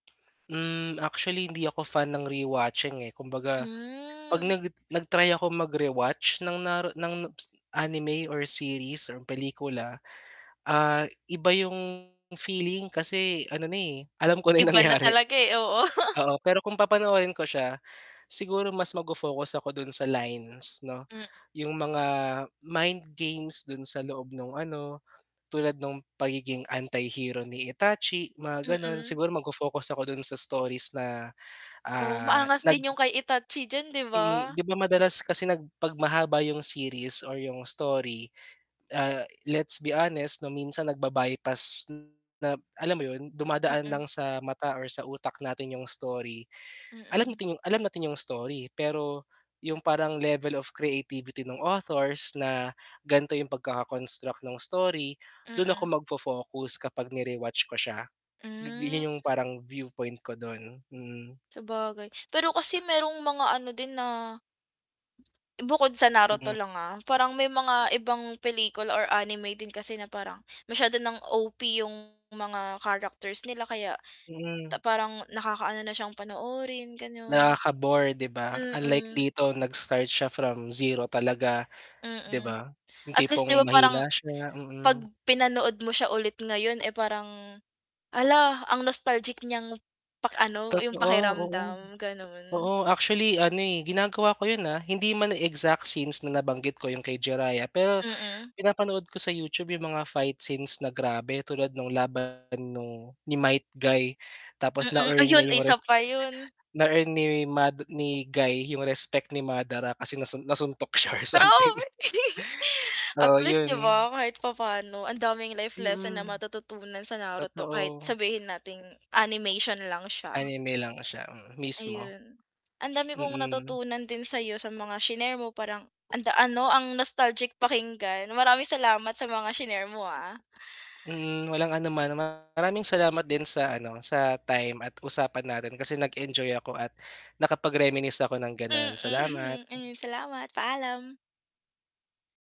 Hmm, actually, hindi ako fan ng rewatching, eh. Kumbaga 'pag Hmm. nag nag-try ako magre-watch ng naru ng s ng anime or series or pelikula, ah, iba yung feeling kasi ano na, eh, alam ko na yung Iba na nangyari. talaga, eh, oo. Oo, pero kung papanoorin ko siya, siguro mas ma fo-focus ako dun sa lines 'no, M yung mga mind games dun sa loob nung ano, tulad nung pagiging anti-hero ni Itachi, mga gano'n. Mm. Siguro magfo-focus ako dun sa stories na, Oh, ah, maangas nag din yung kay Itachi diyan, di Mm. ba? 'Di ba madalas kasi nag 'pag mahaba yung series or yung story, ah, let's be honest 'no, minsan nagba-bypass na alam mo yun, dumadaan Mm. lang sa mata or sa utak natin 'yong story. Alam Mm. ting alam natin 'yong story, pero yung parang level of creativity nung authors na gan'to yung pagkaka-construct ng story, dun ako Mm. magfo-focus kapag ni-rewatch ko siya. Hmm. Yun yung parang viewpoint ko dun. Mm. Sabagay. Pero kasi merong mga ano din na bukod sa Mm. Naruto lang, ah, parang may mga ibang pelikula or anime din kasi na parang masyado ng OP yung mga characters nila kaya Mm. parang nakakaano na siyang panoorin, gano'n. Nakaka-bore, 'di ba? Unlike Mm. dito nag-start siya from 0 talaga, 'di Mm. ba? Yung At least 'di tipong ba parang mahina siya, 'pag mm. pinanood mo siya ulit ngayon, eh, parang hala, ang nostalgic niyang pak ano, yung Totoo, oo. pakiramdam, ganun. Oo, actually ano, eh, ginagawa ko yun, ah. Hindi man exact scenes na nabanggit ko yung kay Jiraiya, pero Mm. pinapanood ko sa YouTube yung mga fight scenes na grabe, tulad nung laban nung ni Might Guy tapos Mm. na-earn Ayun, niya yung isa pa respect yun. na earn ni Mad ni Guy yung respect ni Madara kasi nasun nasuntok siya or Pero something. at Oo, least 'di yun. ba, kahit papano ang daming life lesson na Mm. matututunan sa Naruto kahit Totoo. sabihin nating animation lang siya. Anime lang siya, mm, mismo. Ayun. Ang dami kong Mm. natutunan din sa'yo sa mga shinare mo parang anda ano, ang nostalgic pakinggan. Maraming salamat sa mga shinare mo, ah. Mm, walang anuman. Maraming salamat din sa ano, sa time at usapan natin kasi nag-enjoy ako at nakapag-reminisce ako ng gano'n, Mm, salamat. ayun. Salamat. Paalam.